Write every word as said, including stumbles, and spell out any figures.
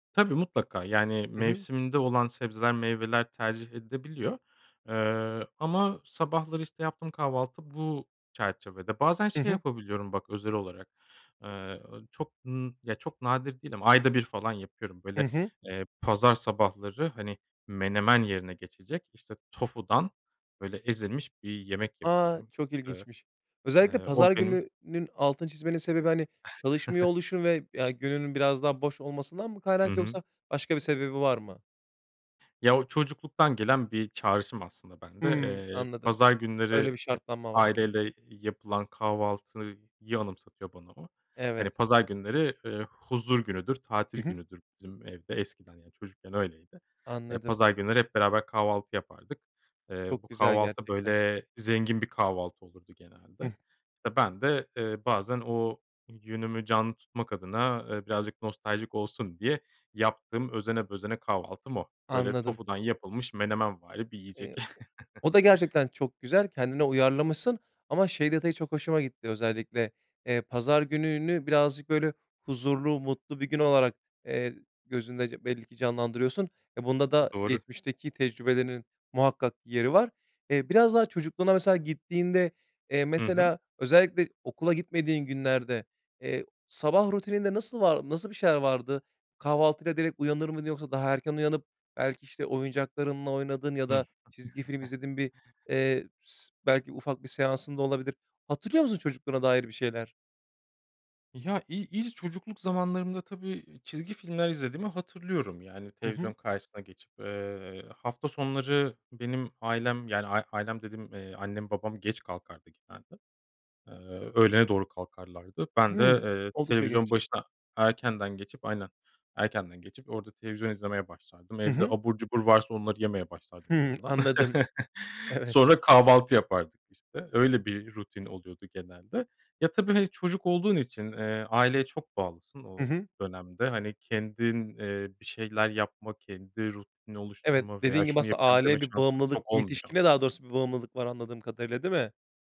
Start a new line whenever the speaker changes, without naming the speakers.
Tabii, mutlaka, yani,
Hı hı.
mevsiminde olan sebzeler meyveler tercih edilebiliyor. Eee, ama sabahları işte yaptığım kahvaltı bu çerçevede. Bazen
Hı
şey
hı.
yapabiliyorum bak özel olarak. Eee, o çok n çok nadir değil ama ayda bir falan yapıyorum.
Hı
Böyle,
hı.
eee, pazar sabahları hani menemen yerine geçecek, işte, tofudan, böyle, ezilmiş bir yemek
A,
yapıyorum.
çok
Eee,
ilginçmiş. Özellikle
eee, o
pazar
benim
gününün altını çizmenin sebebi, hani, çalışmıyor oluşun ve, ya, gününün biraz daha boş olmasından mı
Hı
kaynak
hı.
yoksa başka bir sebebi var mı?
Ya, o çocukluktan gelen bir çağrışım aslında bende.
Hımm,
Eee,
anladım.
pazar
Öyle
günleri
bir
hep
şartlanma var diyorsun.
aileyle yapılan kahvaltıyı anımsatıyor bana o.
Evet.
Hani pazar günleri, eee, huzur günüdür,
Hı
tatil
hı.
günüdür bizim evde eskiden çocukken öyleydi. Eee,
Anladım.
pazar günleri hep beraber kahvaltı yapardık. Eee, bu
Çok güzel
kahvaltı
gerçekten.
böyle zengin bir kahvaltı olurdu
Hıh.
genelde. Ben de, eee, bazen o yönümü canlı tutmak adına, e, birazcık nostaljik olsun diye yaptığım özene bezene kahvaltım o. Böyle
Anladım.
tofudan yapılmış menemenvari bir yiyecek.
Eee, o o da gerçekten çok güzel. Kendine uyarlamışsın ama şey detayı çok hoşuma gitti: Özellikle, eee, pazar gününü birazcık böyle huzurlu, mutlu bir gün olarak, eee, gözünde belli ki canlandırıyorsun. Bunda da
Doğru.
geçmişteki tecrübelerinin muhakkak yeri var. Eee, biraz daha çocukluğuna mesela gittiğinde, eee,
Hı hı.
mesela özellikle okula gitmediğin günlerde, eee, sabah rutininde nasıl var nasıl bir şeyler vardı? Kahvaltıyla direkt uyanır mıydın? Yoksa daha erken uyanıp belki, işte, oyuncaklarınla oynadın ya
Hı.
da çizgi film izlediğin bir, eee, s belki ufak bir seansın da olabilir. Hatırlıyor musun, çocukluğuna dair bir şeyler?
Ya i i ilk çocukluk zamanlarımda tabii çizgi filmler izlediğimi hatırlıyorum yani
Hı
televizyon
hı.
karşısına geçip, eee, hafta sonları benim ailem yani ailem dediğim, eee, annem babam geç kalkardı genelde. Eee, öğlene doğru kalkarlardı. Ben de,
Hıı.
eee,
Oldukça
televizyon
geç.
başına erkenden geçip aynen erkenden geçip orada televizyon izlemeye başlardım.
Hı
Evde
hı.
abur cubur varsa onları yemeye başlardım bir
Hıı,
yandan.
anladım. Evet.
Sonra kahvaltı yapardık, işte, öyle bir rutin oluyordu genelde. Ya, tabii, hani, çocuk olduğun için, eee, aileye çok bağlısın
Hı
o
hı.
dönemde. Hani kendin, eee, bir şeyler yapma, kendi rutinini
Evet,
oluşturma veya
dediğin gibi
şunu
aslında
yapıyorum deme
aileye bir
şansın
bağımlılık,
çok olmuyor.
yetişkine daha doğrusu bir bağımlılık var anladığım kadarıyla. Değil mi?